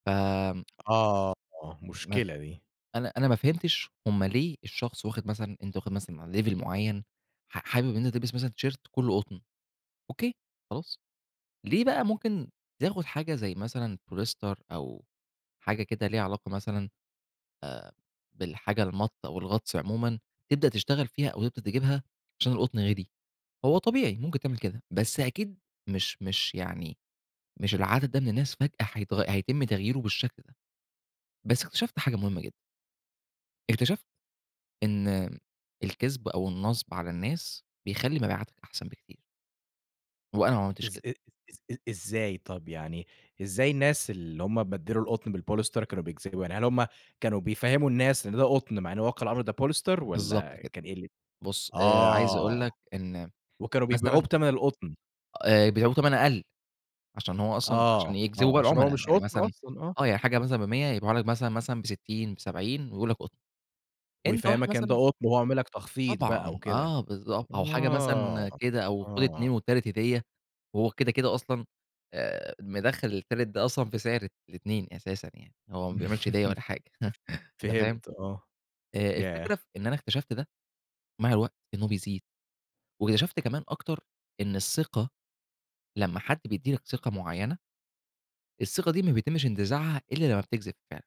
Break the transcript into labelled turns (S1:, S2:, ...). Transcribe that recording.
S1: فم
S2: آه،
S1: ما ف
S2: مشكلة دي.
S1: أنا أنا ما فهمتش هم ليه الشخص واخد مثلًا أنت واخد مثلًا level معّين ح حابب إن أنت تلبس مثلّا تيشيرت كُلّه قطن أوكي، خلاص. ليه بقى ممكن تاخُد حاجة زي مثلًا بوليستر أو حاجة كده ليها علاقة مثلًا آآ بالحاجة المَط أو الغطس عمومًا، تبدأ تشتغل فيها أو تبدأ تجيبها عشان القُطن غالي؟ هو طبيعي ممكن تعمل كده، بس أكيد مش مش يعني مش العدد ده من الناس فجأة حيتغ هيتم تغييرُه بالشكل ده. بس اكتشفتت حاجة مهمة جدًا. اكتشفت إن الكذب أو النصب على الناس بيخلّي مبيعاتك أحسن بكتير. وأنا ما عملتش
S2: إز
S1: كده.
S2: أ إز إز إزاي؟ طب يعني إزاي الناس اللي هم بدّلوا القُطن بالبوليستر كانوا بيكذبوا؟ يعني هل هم كانوا بيفهّموا الناس إن ده قُطن مع إنه واقع الأمر ده بوليستر
S1: بالضبط
S2: والّا
S1: كده.
S2: كان إيه ال
S1: بُص آآ عايز أقول
S2: آه.
S1: لك إن
S2: وكانوا بيبيعوه
S1: مثلًا
S2: بتَمَن القُطن.
S1: آآ بيبعيوه بتَمَن أقَل، عشان هو أصلًا
S2: آه،
S1: عشان يجذبوا
S2: آه.
S1: بقى
S2: عشان هو
S1: العُملا.
S2: مش
S1: يعني
S2: قُطن
S1: مثلًا
S2: أصلًا آه.
S1: آه. يعني حاجة مثلًا ب100، يبيعه لك مثلًا، مثلًا ب60، ب70 ويقول لك قُطن. أنت واحد
S2: ويفهِّمك إن ده
S1: مثلّا
S2: قُطن وهو عامل لك تخفيض بقى
S1: طبعًا.
S2: وكده.
S1: آه بالضبط. أو حاجة
S2: آه،
S1: مثلًا كده أو خُد
S2: آه.
S1: 2 والتالت هديّة وهو كده، كده أصلًا آآ مدخّل التالت ده أصلًا في سعر ال الاتنين أساسًا يعني. هو ما بيعملش هديّة ولا حاجة تمام؟
S2: فهمت آه.
S1: أ الفكرة في
S2: ياه!
S1: إن أنا اكتشفت ده مع الوقت إنه بيزيد، واكتشفت كمان أكتر إن الثقة لمّا حد بيدّي لك ثقة معيّنة الثقة دي ما بيتمّش انتزاعها إلّا لمّا بتكذب فع